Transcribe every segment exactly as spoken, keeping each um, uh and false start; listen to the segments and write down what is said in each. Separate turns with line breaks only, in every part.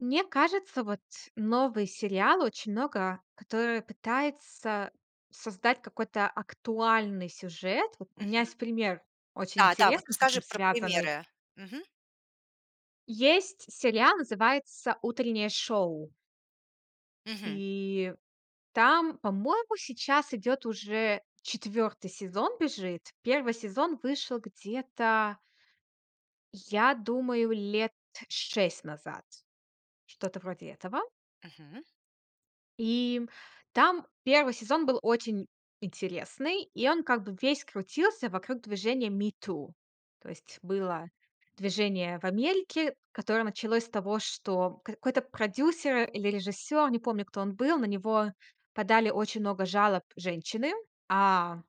Мне кажется, вот новый сериал очень много, который пытается создать какой-то актуальный сюжет. Вот у
Мгм.
меня есть пример, очень
Да, да, вот
интересный, с
расскажи
этим
про
связанный.
примеры. Мгм.
Есть сериал, называется "Утреннее шоу".
Мгм.
И там, по-моему, сейчас идёт уже четвёртый сезон бежит. Первый сезон вышел где-то... я думаю, лет шесть назад. Что-то вроде этого.
Мгм.
И там первый сезон был очень интересный, и он как бы весь крутился вокруг движения Me Too. То есть было движение в Америке, которое началось с того, что какой-то продюсер или режиссёр, не помню, кто он был, на него подали очень много жалоб женщины, а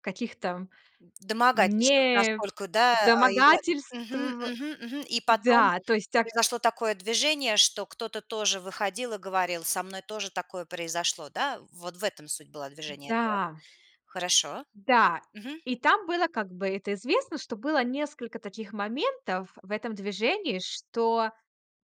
каких там
В домогательствах насколько, да, а, и я
недомогательств
Мгм, мгм, мгм. И потом
Да, то есть так
произошло такое движение, что кто-то тоже выходил и говорил: "Со мной тоже такое произошло, да?". Вот в этом суть была движения этого.
Да.
Хорошо.
Да.
Мгм.
И там было, как бы это известно, что было несколько таких моментов в этом движении, что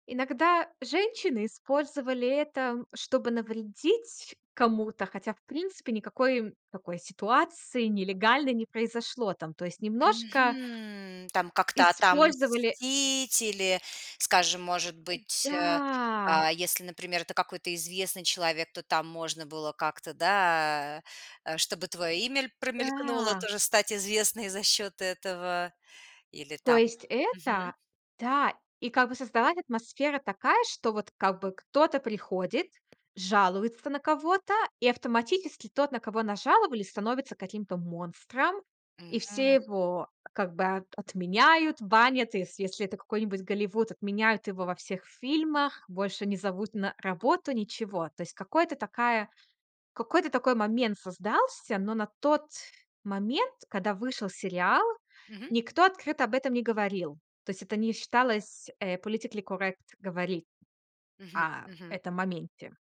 иногда женщины использовали это, чтобы навредить кому-то, хотя, в принципе, никакой такой ситуации нелегальной не произошло там. То есть немножко
Мгм. Там как-то
использовали
отомстить или, скажем, может быть, э,
Да.
а, если, например, это какой-то известный человек, то там можно было как-то, да, чтобы твое имя ль промелькнуло
Да.
тоже стать известной за счет этого или
То
там
есть
Мгм.
это? Да. И как бы создалась атмосфера такая, что вот как бы кто-то приходит, жалуется на кого-то, и автоматически тот, на кого нажаловались, становится каким-то монстром. И все
Мгм.
его как бы, а, отменяют, банят, если если это какой-нибудь Голливуд, отменяют его во всех фильмах, больше не зовут на работу, ничего. То есть, какой-то такая, какой-то такой момент создался, но на тот момент, когда вышел сериал,
Мгм.
никто открыто об этом не говорил. То есть это не считалось, э, politically correct говори
Мгм,
а
мгм.
этом моменте.